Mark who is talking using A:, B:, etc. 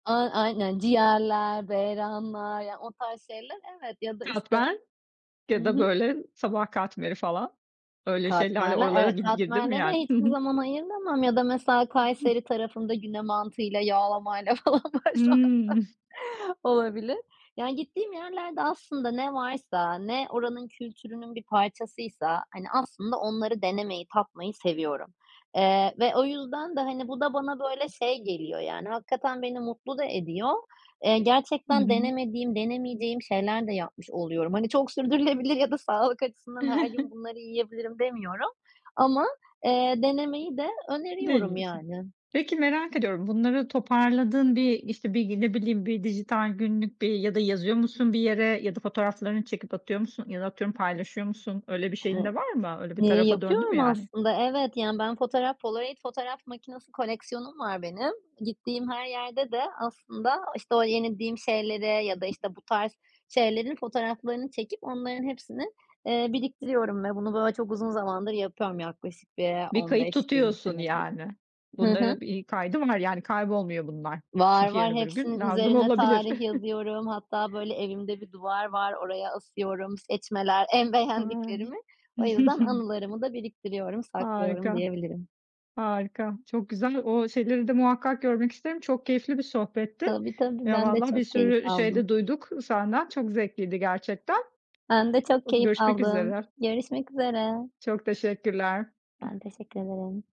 A: A, aynen. Ciğerler, beyranlar... Yani, o tarz şeyler, evet. Ya da, işte
B: Katmer
A: Hı
B: ya da,
A: hı.
B: böyle, sabah katmeri falan
A: E,
B: öyle şeylerle
A: katmerler,
B: oralara
A: evet,
B: gi girdin mi
A: katmerlere
B: yani? Hı
A: hiçbir
B: hı.
A: zaman ayıramam ya da mesela Kayseri
B: [unintelligible]
A: tarafında güne mantıyla yağlamayla falan başlamak
B: Hımm.
A: Olabilir. Yani gittiğim yerlerde aslında ne varsa, ne oranın kültürünün bir parçasıysa, hani, aslında onları denemeyi tatmayı seviyorum. Eee, ve o yüzden de, hani, bu da bana, böyle, şey geliyor Yani, hakikaten beni mutlu da ediyor. Eee,
B: Hı
A: gerçekten
B: hı.
A: denemediğim, denemeyeceğim şeyler de yapmış oluyorum. Hani, "Çok sürdürülebilir ya da sağlık açısından her gün bunları yiyebilirim." demiyorum ama, eee, denemeyi de öneriyorum
B: Deniyorsun.
A: yani.
B: Peki, merak ediyorum bunları toparladın bir, işte, ne bileyim, bir dijital günlük bir ya da yazıyor musun bir yere? Ya da fotoğraflarını çekip atıyor musun? Ya da atıyorum paylaşıyor musun? Öyle bir şeyin de var mı? Öyle bir
A: Eee,
B: tarafa döndü mü
A: yapıyorum
B: yani?
A: aslında, evet, yani ben fotoğraf polaroid fotoğraf makinesi koleksiyonum var benim. Gittiğim her yerde de aslında, işte, o denediğim şeyleri ya da, işte, bu tarz şeylerin fotoğraflarını çekip onların hepsini, eee, biriktiriyorum ve bunu, böyle, çok uzun zamandır yapıyorum yaklaşık bir
B: Bir
A: on
B: kayıt
A: beş yirmi
B: tutuyorsun
A: senedir.
B: yani.
A: Hı hı.
B: Bunların bir kaydı var yani, kaybolmuyor bunlar.
A: Var,
B: Çünkü
A: var.
B: yarın öbür gün
A: hepsinin
B: lazım
A: üzerine
B: olabilir.
A: tarih yazıyorum. Hatta, böyle, evimde bir duvar var oraya asıyorum seçmeler, en
B: A! Ne
A: beğendiklerimi. O yüzden anılarımı da biriktiriyorum, saklıyorum
B: Harika,
A: diyebilirim.
B: harika, çok güzel. O şeyleri de muhakkak görmek isterim. Çok keyifli bir sohbetti.
A: Tabii, tabii,
B: Ya,
A: ben de
B: vallahi bir
A: çok keyif
B: sürü şey
A: aldım.
B: de duyduk senden. Çok zevkliydi gerçekten.
A: Ben de çok
B: Iıı,
A: keyif
B: görüşmek
A: aldım.
B: üzere.
A: Görüşmek üzere.
B: Çok teşekkürler.
A: Ben
B: Hıh.
A: teşekkür ederim.